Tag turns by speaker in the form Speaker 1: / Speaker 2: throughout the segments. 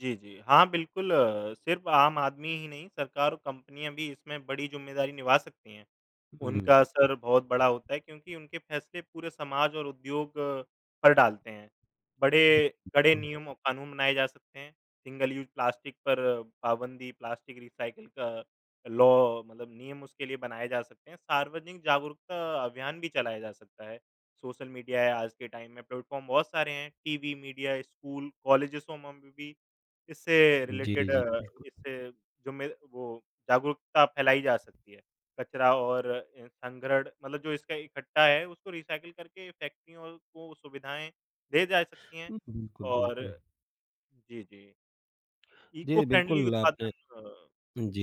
Speaker 1: जी, जी, हाँ बिल्कुल अ, सिर्फ़ आम आदमी ही नहीं, सरकार और कंपनियाँ भी इसमें बड़ी ज़िम्मेदारी निभा सकती हैं।
Speaker 2: हुँ।
Speaker 1: उनका
Speaker 2: जी।
Speaker 1: असर बहुत बड़ा होता है, क्योंकि उनके फैसले पूरे समाज और उद्योग पर डालते हैं।
Speaker 2: जी,
Speaker 1: बड़े कड़े
Speaker 2: बिल्कुल।
Speaker 1: नियम और कानून बनाए जा सकते हैं, सिंगल यूज़ प्लास्टिक पर पाबंदी, प्लास्टिक रीसाइकल का लॉ मतलब नियम उसके लिए बनाए जा सकते हैं। सार्वजनिक जागरूकता अभियान भी चलाया जा सकता है, सोशल मीडिया है आज के टाइम में, प्लेटफॉर्म बहुत सारे हैं, टीवी मीडिया, स्कूल, कॉलेजेसो मम में भी इससे
Speaker 2: जी,
Speaker 1: रिलेटेड
Speaker 2: जी।
Speaker 1: अ,
Speaker 2: बिल्कुल।
Speaker 1: इससे जो मे वो जागरूकता फैलाई जा सकती है। कचरा और अ, अनग्रढ़ मतलब जो इसका इकट्ठा है उसको रीसाइकल करके फैक्ट्रियों को वो सुविधाएँ दे जा सकती हैं
Speaker 2: उम, बिल्कुल,
Speaker 1: और
Speaker 2: बिल्कुल।
Speaker 1: जी, जी।
Speaker 2: जी,
Speaker 1: इको-फ़्रेंडली
Speaker 2: बिल्कुल
Speaker 1: उत्पादन
Speaker 2: आपने
Speaker 1: अ,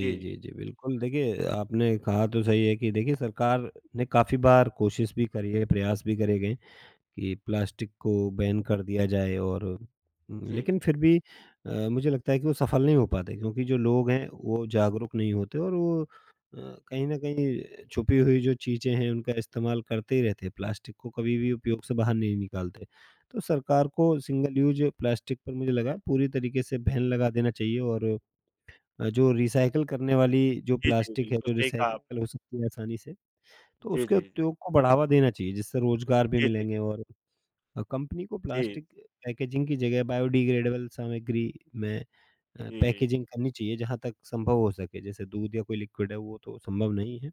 Speaker 1: जी।
Speaker 2: जी, जी, बिल्कुल। देखिए, आपने कहा तो सही है कि देखिए सरकार ने काफ़ी बार कोशिश भी करी है, प्रयास भी करे गए, कि प्लास्टिक को बैन कर दिया जाए और उम,
Speaker 1: जी,
Speaker 2: लेकिन
Speaker 1: जी।
Speaker 2: फिर भी अ, मुझे लगता है कि वो सफल नहीं हो पाते, क्योंकि जो लोग हैं वो जागरूक नहीं होते और वो अ, कहीं न कहीं अ, छुपी हुई जो चीज़ें हैं, उनका इस्तेमाल करते ही रहते हैं, प्लास्टिक को कभी भी उपयोग से बाहर नहीं निकालते। तो सरकार को सिंगल यूज़ प्लास्टिक पर मुझे लगा पूरी तरीके से बैन लगा देना चाहिए और अ, जो रीसाइकल करने वाली जो
Speaker 1: जी, जी,
Speaker 2: प्लास्टिक है,
Speaker 1: बिल्कुल।
Speaker 2: जो
Speaker 1: सही कहा
Speaker 2: रीसाइकल
Speaker 1: आपने।
Speaker 2: हो सकती है आसानी से, तो
Speaker 1: जी,
Speaker 2: उसके
Speaker 1: जी, जी।
Speaker 2: उपयोग को बढ़ावा देना चाहिए, जिससे रोजगार भी
Speaker 1: जी, जी।
Speaker 2: मिलेंगे और अ, कंपनी को
Speaker 1: जी।
Speaker 2: प्लास्टिक अ, पैकेजिंग की जगह बायोडिग्रेडेबल सामग्री में अ,
Speaker 1: जी।
Speaker 2: पैकेजिंग करनी चाहिए जहाँ तक संभव हो सके। जैसे दूध या कोई लिक्विड है वो तो संभव नहीं है,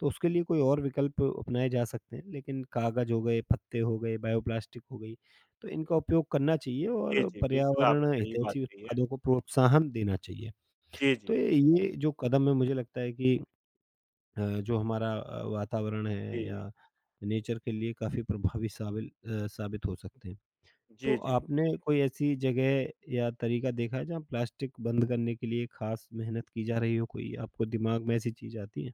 Speaker 2: तो उसके
Speaker 1: हुँ।
Speaker 2: लिए कोई और विकल्प अपनाए जा सकते हैं। लेकिन कागज़ हो गए, पत्ते हो गए, बायोप्लास्टिक हो गई, तो इनका उपयोग करना चाहिए
Speaker 1: जी,
Speaker 2: और
Speaker 1: जी, बिल्कुल आपने
Speaker 2: पर्यावरण
Speaker 1: सही बात
Speaker 2: हितैषी
Speaker 1: कही है।
Speaker 2: उत्पादों को प्रोत्साहन देना चाहिए।
Speaker 1: जी, जी,
Speaker 2: तो
Speaker 1: जी।
Speaker 2: ये जो कदम है मुझे लगता है कि अ, जो हमारा अ, वातावरण है
Speaker 1: जी।
Speaker 2: या नेचर के लिए काफ़ी प्रभावी सावील अ, साबित हो सकते हैं। तो
Speaker 1: जी, जी।
Speaker 2: आपने कोई ऐसी जगह या तरीका देखा है जहाँ प्लास्टिक बंद करने के लिए खास मेहनत की जा रही हो? कोई आपको दिमाग में ऐसी चीज़ आती हैं?